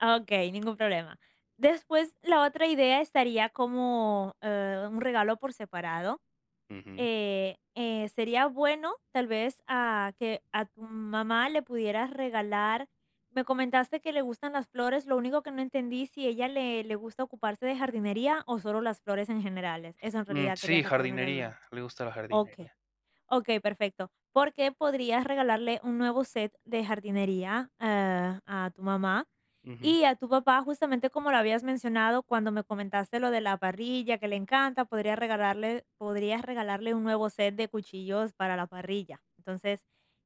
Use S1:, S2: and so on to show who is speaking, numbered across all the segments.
S1: Ah, okey, ningún problema. Después, la otra idea estaría como, eh, un regalo por separado.
S2: Ujú.
S1: Eh eh sería bueno, tal vez, a que a tu mamá le pudieras regalar, me comentaste que le gustan las flores, lo único que no entendí, si ella le le gusta ocuparse de jardinería o solo las flores en generales. Eso en
S2: Mm,
S1: realidad quería
S2: sí,
S1: sacarme la duda.
S2: jardinería. Le gusta la
S1: Okey.
S2: jardinería.
S1: Okey, perfecto. Porque podrías regalarle un nuevo set de jardinería, eh, a tu mamá.
S2: Ujú.
S1: Y a tu papá, justamente como lo habías mencionado, cuando me comentaste lo de la parrilla, que le encanta, podría regalarle podrías regalarle un nuevo set de cuchillos para la parrilla. Entonces,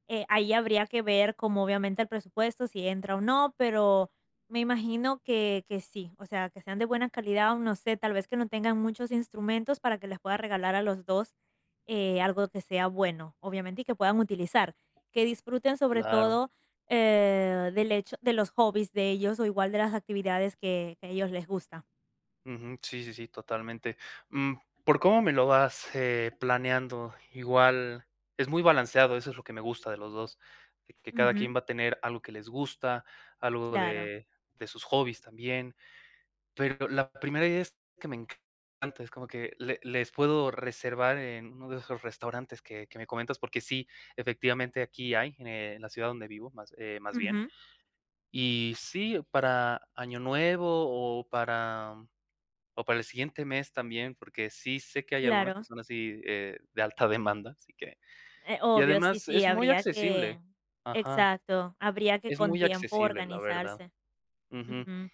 S1: eh, ahí habría que ver como, obviamente, el presupuesto, si entra o no, pero me imagino que que sí. O sea, que sean de buena calidad o no sé, tal vez que no tengan muchos instrumentos para que les puedas regalar a los 2 eh, algo que sea bueno, obviamente, y que puedan utilizar. Que disfruten, sobre
S2: Claro.
S1: todo, eh, del hecho de los hobbies de ellos, o igual de las actividades que que a ellos les gusta.
S2: Ujú. Sí, sí, sí, totalmente. Mm, por cómo me lo vas, eh, planeando, igual es muy balanceado. Eso es lo que me gusta de los 2, que que cada
S1: Ujú.
S2: quien va a tener algo que les gusta, algo
S1: Claro.
S2: de de sus hobbies también. Pero la primera idea es que me encanta, es como que le les puedo reservar en uno de esos restaurantes que que me comentas porque sí, efectivamente, aquí hay en la ciudad donde vivo más, eh, más bien.
S1: Ujú.
S2: Y sí, para Año Nuevo o para o para el siguiente mes también, porque sí sé que hay algunas que
S1: Claro.
S2: son así, eh, de alta demanda, así que.
S1: Eh,
S2: Y
S1: obvio. Sí,
S2: además
S1: sí,
S2: es muy
S1: habría que
S2: accesible. Ajá.
S1: exacto, habría que,
S2: Es
S1: con
S2: muy
S1: tiempo,
S2: accesible, la verdad.
S1: organizarse.
S2: Ujú.
S1: Ujú.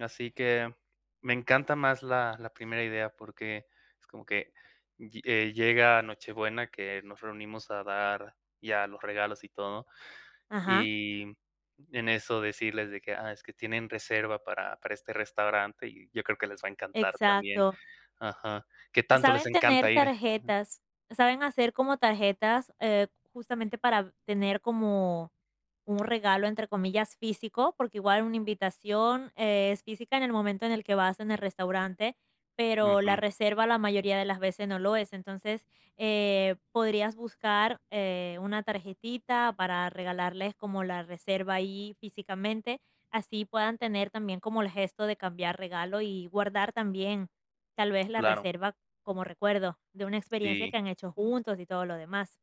S2: Así que me encanta más la la primera idea porque es como que lle eh, llega Nochebuena, que nos reunimos a dar ya los regalos y todo,
S1: Ajá.
S2: y en eso decirles de que: "Ah, es que tienen reserva para para este restaurante". Y yo creo que les va a encantar también.
S1: Exacto.
S2: Ajá, que tanto les
S1: Saben tener
S2: encanta ir.
S1: tarjetas. Saben hacer como tarjetas, eh, justamente para tener como un regalo, entre comillas, físico, porque igual una invitación es física en el momento en el que vas en el restaurante. Pero la
S2: Ujú.
S1: reserva la mayoría de las veces no lo es, entonces, eh, podrías buscar, eh, una tarjetita para regalarles como la reserva ahí físicamente. Así puedan tener también como el gesto de cambiar regalo y guardar también tal vez la
S2: Claro.
S1: reserva como recuerdo de una experiencia
S2: Sí.
S1: que han hecho juntos y todo lo demás.